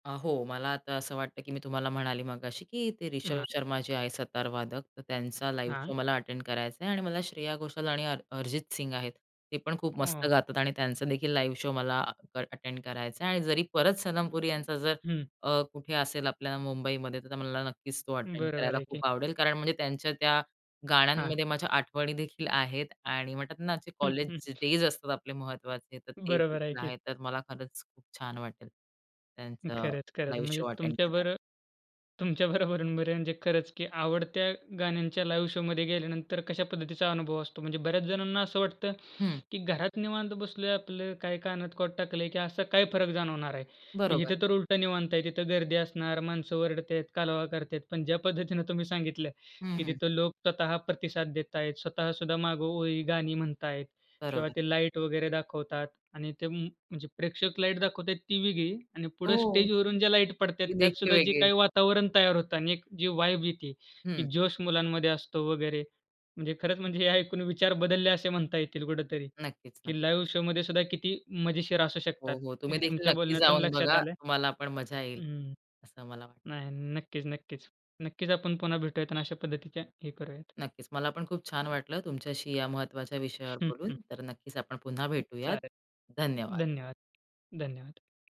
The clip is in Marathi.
अ, हो. मला आता असं वाटतं, की मी तुम्हाला म्हणाले मघाशी, की ते ऋषभ हां. शर्मा जे आहे सतार वादक. तर त्यांचा लाईव्ह हां. शो मला अटेंड करायचा आहे आणि मला श्रेया घोषाल आणि अ अरिजित सिंग आहेत ते पण खूप मस्त [unintelligible] गातात आणि त्यांचा देखील लाईव्ह शो मला अ अटेंड करायचा आहे आणि जरी परत सनम पुरी यांचा जर हं. अ, कुठे असेल आपल्या मुंबईमध्ये, तर मला नक्कीच तो अटेंड बरोबर करायला आहे की. खूप आवडेल. कारण म्हणजे त्यांच्या त्या हां. गाण्यांमध्ये माझ्या आठवणीदेखील आहेत. आणि म्हणतात ना, जे कॉलेज डेज असतात आपले महत्त्वाचे, तर ते बरोबर आहे देखील की. आहे. तर मला खरंच खूप छान वाटेल त्यांचा खरंच, खरंच. लाईव्ह म्हणजे शो अटेंड करायला. तुमच्याबर तुमच्या बरोबर म्हणजे खरंच, की आवडत्या गाण्यांच्या लाईव्ह शोमध्ये गेल्यानंतर, कशा पद्धतीचा अनुभव असतो. म्हणजे बऱ्याच जणांना असं वाटतं, हं. की घरात निवांत बसलो, आपलं काही कानात कॉड टाकलंय, की असा काय फरक जाणवणार आहे? बरोबर. इथे तर उलट निवांत आहे. तिथे गर्दी असणार, माणसं ओरडतात, कालवा करतात पण ज्या पद्धतीने तुम्ही सांगितलं, हं, की हं. तिथं लोक स्वतः प्रतिसाद देत आहेत. स्वतः सुद्धा मागे ओळी, गाणी म्हणतायेत. तेव्हा बरोबर. ते लाईट वगैरे दाखवतात. आणि ते म म्हणजे प्रेक्षक लाईट दाखवतायेत ती वेगळी आणि पुढे हो, स्टेजवरून जे लाईट पडते ती त्यात देखील सुद्धा जे वेगळी आहे. काही वातावरण तयार होतं आणि एक जी वाइब येते, की हं. जोश मुलांमध्ये असतो. वगैरे म्हणजे खरंच, म्हणजे हे ऐकून विचार बदलले, असे म्हणता येतील कुठेतरी, नक्कीच, नक्कीच. की लाईव्ह शोमध्ये सुद्धा किती मजेशीर असू शकतात. हो, हो. हे तुम्ही देखील तुमच्या नक्की बोलण्यातून जाऊन लक्षात बघा. आलंय. तुम्हाला पण मजा येईल, हम्म, असं मला वाटतं. नाही. नक्कीच, नक्कीच. नक्कीच आपण पुन्हा भेटूयात आणि अशा पद्धतीचे हे करूयात. नक्कीच. मला पण खूप छान वाटलं तुमच्याशी या महत्त्वाच्या विषयावर हं, बोलून. हं. तर नक्कीच आपण पुन्हा भेटूयात. चालेल. धन्यवाद. धन्यवाद, धन्यवाद.